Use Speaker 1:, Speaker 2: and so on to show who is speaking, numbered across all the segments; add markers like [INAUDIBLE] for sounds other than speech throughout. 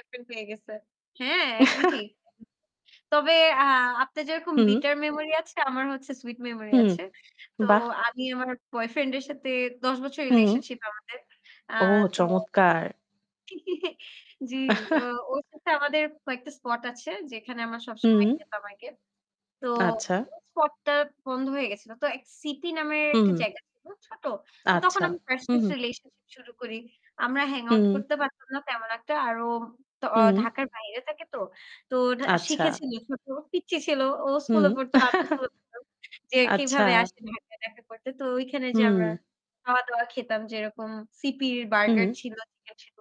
Speaker 1: Apple পেয়ে গেছে। হ্যাঁ, একদম ঠিক।
Speaker 2: [LAUGHS]
Speaker 1: তবে আ আপনে যেরকম
Speaker 2: হুম।
Speaker 1: bitter memory আছে, আমার হচ্ছে sweet memory
Speaker 2: হুম।
Speaker 1: আছে। তো
Speaker 2: বাহ্‌!
Speaker 1: আমি আমার বয়ফ্রেন্ড এর সাথে ১০ বছর
Speaker 2: হুম।
Speaker 1: রিলেশনশিপ আমাদের। আ
Speaker 2: ও
Speaker 1: তো
Speaker 2: চমৎকার!
Speaker 1: [GIGGLES] জ্বি, ও
Speaker 2: [CHUCKLES]
Speaker 1: ওর সাথে আমাদের কয়েকটা স্পট আছে যেখানে আমার
Speaker 2: হুম।
Speaker 1: সবসময় যেতাম আগে। তো
Speaker 2: আচ্ছা।
Speaker 1: ওই স্পটটা বন্ধ হয়ে গেছিল। তো এক সিটি নামের একটা
Speaker 2: হু।
Speaker 1: জায়গা ছিল, ছোট। তো তখন
Speaker 2: আচ্ছা,
Speaker 1: আমি ফার্স্ট,
Speaker 2: হু, হু।
Speaker 1: ফার্স্ট রিলেশনশিপ শুরু করি। আমরা hang out
Speaker 2: হুম।
Speaker 1: করতে পারতাম না তেমন একটা আর ও তো আ
Speaker 2: হুম
Speaker 1: ঢাকার বাইরে থাকে তো। তো ঢা
Speaker 2: আচ্ছা।
Speaker 1: শিখেছিল ছোট পিচ্চি ছিল। ও
Speaker 2: হুম।
Speaker 1: স্কুলে পড়ত, আমিও
Speaker 2: [CHUCKLES]
Speaker 1: স্কুলে পড়তাম। যে
Speaker 2: আচ্ছা।
Speaker 1: কিভাবে আসে ঢাকায় দেখা করতে? তো ঐখানে যে আমরা
Speaker 2: হুম।
Speaker 1: খাওয়া-দাওয়া খেতাম যেরকম সিপি'র বার্গার
Speaker 2: হুম
Speaker 1: ছিল, চিকেন ছিল।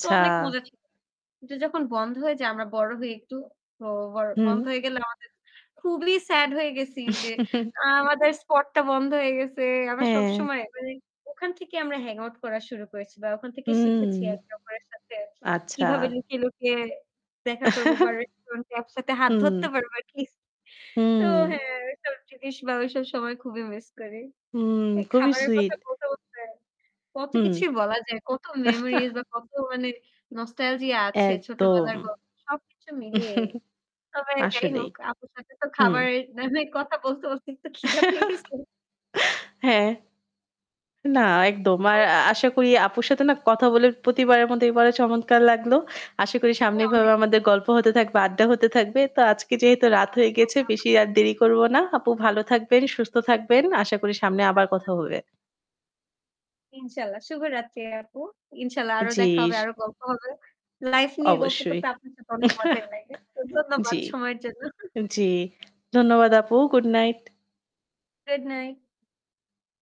Speaker 1: তো অনেক মজা ছিল। য যখন বন্ধ হয়ে যায় আমরা বড় হই একটু, ও [UNINTELLIGIBLE] তো
Speaker 2: হুম।
Speaker 1: বন্ধ হয়ে গেলে আমাদের খুবলি স্যাড হয়ে গেছি যে আ
Speaker 2: [CHUCKLES]
Speaker 1: আমাদের স্পটটা বন্ধ হয়ে গেছে। আমার
Speaker 2: হ্যাঁ।
Speaker 1: সবসময় মানে ওখান থেকে আমরা hang out করা শুরু করেছি বা ওখান থেকেই
Speaker 2: হুম,
Speaker 1: শিখেছি আর একে অপরের সাথে
Speaker 2: আচ্ছা।
Speaker 1: কিভাবে লুকিয়ে, লুকিয়ে দেখা করব বা রেস্টুরেন্ট এ একসাথে
Speaker 2: [CHUCKLES]
Speaker 1: হাত
Speaker 2: হুম।
Speaker 1: ধরতে পারবো কিস তো
Speaker 2: হুম।
Speaker 1: হ্যাঁ এইসব জিনিস বা ওইসব সময় খুবই মিস করি।
Speaker 2: হুম,
Speaker 1: এই
Speaker 2: খুবই
Speaker 1: খাবারের কথা
Speaker 2: সুইট।
Speaker 1: বলতে, বলতে কত
Speaker 2: হুম।
Speaker 1: কিছুই বলা যায়, কত মেমোরিজ
Speaker 2: [CHUCKLES]
Speaker 1: বা কত মানে nostalgia আছে
Speaker 2: একদম
Speaker 1: ছোটবেলার
Speaker 2: [CHUCKLES]
Speaker 1: গল্প সবকিছু মিলিয়েই। তবে যাই
Speaker 2: আসলেই।
Speaker 1: হোক, আপুর সাথে তো
Speaker 2: হুম।
Speaker 1: খাবারের না হয় কথা বলতে, বলতে একটু ক্ষিধা পেয়েছে।
Speaker 2: [LAUGHS] হ্যাঁ। না একদম। আর আ
Speaker 1: [UNINTELLIGIBLE]
Speaker 2: আশা করি আপুর সাথে না কথা বলে প্রতিবারের মত এবার চমৎকার লাগলো। আশা করি সামনে
Speaker 1: হ্যাঁ
Speaker 2: এভাবে
Speaker 1: অনেক,
Speaker 2: আমাদের
Speaker 1: অ
Speaker 2: গল্প হতে থাকবে, আড্ডা হতে থাকবে। তো আজকে যেহেতু রাত হয়ে গিয়েছে,
Speaker 1: [UNINTELLIGIBLE]
Speaker 2: বেশি আর দেরি করব না। আপু ভালো থাকবেন, সুস্থ থাকবেন। আশা করি সামনে আবার কথা
Speaker 1: আচ্ছা।
Speaker 2: হবে।
Speaker 1: ইনশাল্লাহ। শুভরাত্রি আপু। ইনশাআল্লাহ আরো দেখা হবে,
Speaker 2: জ্বি।
Speaker 1: আরও গল্প হবে।
Speaker 2: অ
Speaker 1: লাইফ নিয়ে গল্প
Speaker 2: অবশ্যই।
Speaker 1: করতে আপনার সাথে অনেক মজাই
Speaker 2: [CHUCKLES]
Speaker 1: লাগে। তো ধন্যবাদ
Speaker 2: জ্বি।
Speaker 1: সময়ের জন্য।
Speaker 2: জ্বী, ধন্যবাদ আপু গুড নাইট।
Speaker 1: Good night.